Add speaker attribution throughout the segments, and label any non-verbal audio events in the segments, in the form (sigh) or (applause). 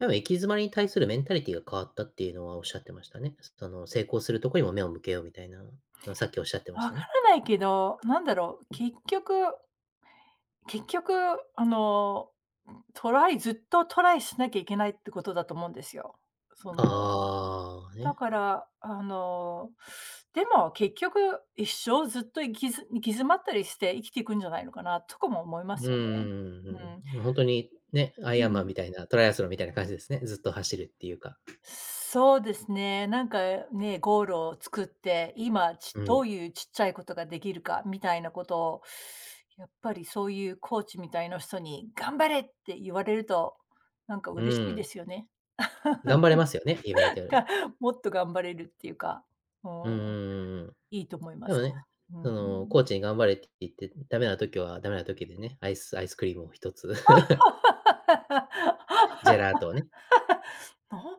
Speaker 1: でも、行き詰まりに対するメンタリティーが変わったっていうのは、おっしゃってましたね。その、成功するとこにも目を向けようみたいな。の、さっきおっしゃってまし
Speaker 2: わ
Speaker 1: た
Speaker 2: か
Speaker 1: ね。
Speaker 2: らないけど、なんだろう。結局結局、あの、トライずっとトライしなきゃいけないってことだと思うんですよ。その、
Speaker 1: ああ、
Speaker 2: だ
Speaker 1: ね。
Speaker 2: から、あの、でも、結局、一生ずっと、行きず行き詰まったりして、生きていくんじゃないのかなとかも思いま
Speaker 1: うん
Speaker 2: す
Speaker 1: う
Speaker 2: よね。
Speaker 1: ん
Speaker 2: うん。
Speaker 1: うん。ま、ほんとにね、アイ
Speaker 2: う
Speaker 1: アンマン
Speaker 2: ん。
Speaker 1: みたいな、トライアスロンみたいな感じですね。ずっと、走るっていうか。
Speaker 2: そうですね。なんか、ね。ゴールを作って、今、ち
Speaker 1: う
Speaker 2: ど
Speaker 1: ん。
Speaker 2: ういう、ちっちゃいことができるかみたいなことを、やっぱり、そういうコーチみたいな人に頑張れって言われると、なんか
Speaker 1: う
Speaker 2: 嬉しいで
Speaker 1: ん。
Speaker 2: すよね。
Speaker 1: 頑張れますよね、言われたよ
Speaker 2: (laughs)
Speaker 1: うに。
Speaker 2: か、もっと頑張れるっていうか。うん。
Speaker 1: うんうんうんうん。
Speaker 2: いいと思いま
Speaker 1: でも
Speaker 2: す。
Speaker 1: ね。
Speaker 2: う
Speaker 1: その、
Speaker 2: ん。
Speaker 1: コーチに頑張れって言って、ダメな時はダメな時でね、アイスアイスクリームを1つ。(chuckles) ジ
Speaker 2: (laughs)
Speaker 1: ェラートをね。
Speaker 2: のほ、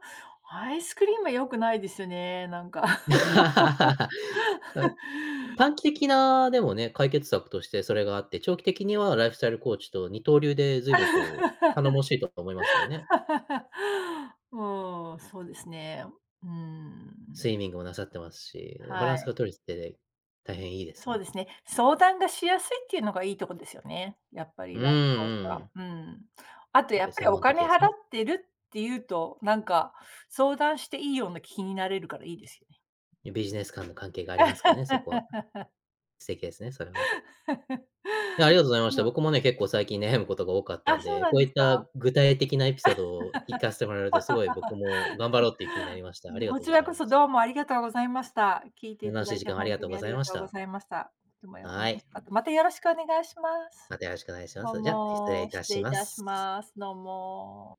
Speaker 2: アイスクリームは、よくないですね。なんか。
Speaker 1: (laughs) あ、
Speaker 2: (laughs)
Speaker 1: 短期的な、でもね。解決策として、それがあって、長期的にはライフスタイルコーチと二刀流でずいぶんと頼もしいとは、思いますけどね。
Speaker 2: (laughs) うん。そうですね。うーん。
Speaker 1: スイミングもなさってますし、バラ
Speaker 2: は
Speaker 1: ンス
Speaker 2: い。
Speaker 1: が取れてて、大変いいです
Speaker 2: そう
Speaker 1: ね。
Speaker 2: ですね。相談がしやすいっていうのがいいとこですよね。やっぱり
Speaker 1: うーん。うんう
Speaker 2: (unintelligible)
Speaker 1: ん。
Speaker 2: うーん。あと、
Speaker 1: やっ
Speaker 2: や
Speaker 1: ぱり、
Speaker 2: っぱり、
Speaker 1: 専
Speaker 2: お
Speaker 1: 門的
Speaker 2: 金
Speaker 1: で
Speaker 2: 払
Speaker 1: す
Speaker 2: っ
Speaker 1: ね。
Speaker 2: てるっていうと、なんか、相談していいような気になれるからいいですよね。
Speaker 1: ゆビジネス間の関係がありますからね、そこは。
Speaker 2: (laughs)
Speaker 1: 素敵ですね。それはね。
Speaker 2: (laughs)
Speaker 1: いや、ありがとうございまし
Speaker 2: う
Speaker 1: た。
Speaker 2: ん。
Speaker 1: 僕もね、結構最近悩むことが多かった
Speaker 2: あ、
Speaker 1: ん
Speaker 2: そう
Speaker 1: で、
Speaker 2: なん
Speaker 1: こう
Speaker 2: で
Speaker 1: い
Speaker 2: す
Speaker 1: っ
Speaker 2: か。
Speaker 1: た具体的なエピソードをいかせてもらえると、すごい僕も頑張ろうっていう気にな
Speaker 2: (laughs)
Speaker 1: りました。あり
Speaker 2: ん、
Speaker 1: が
Speaker 2: こ
Speaker 1: とう
Speaker 2: ち
Speaker 1: ご
Speaker 2: ら
Speaker 1: ざい
Speaker 2: こ
Speaker 1: ま
Speaker 2: そ、
Speaker 1: す。
Speaker 2: どうもありがとうございました。聞いて
Speaker 1: む
Speaker 2: いた
Speaker 1: なし
Speaker 2: だ
Speaker 1: い
Speaker 2: い
Speaker 1: 時
Speaker 2: て、
Speaker 1: 間をあ
Speaker 2: ほ
Speaker 1: り
Speaker 2: ん
Speaker 1: が
Speaker 2: と
Speaker 1: とう
Speaker 2: に
Speaker 1: ご
Speaker 2: あ
Speaker 1: ざ
Speaker 2: り
Speaker 1: い
Speaker 2: が
Speaker 1: まし
Speaker 2: とうご
Speaker 1: た。
Speaker 2: ざいました。いつ
Speaker 1: はい。
Speaker 2: (unintelligible) かて。また、よろしくお願いします。
Speaker 1: また、よろしくお願いしま
Speaker 2: どう
Speaker 1: す。じゃ、失礼
Speaker 2: も。
Speaker 1: いた
Speaker 2: 失礼
Speaker 1: し
Speaker 2: い
Speaker 1: ま
Speaker 2: たし
Speaker 1: す。
Speaker 2: ます。どうも。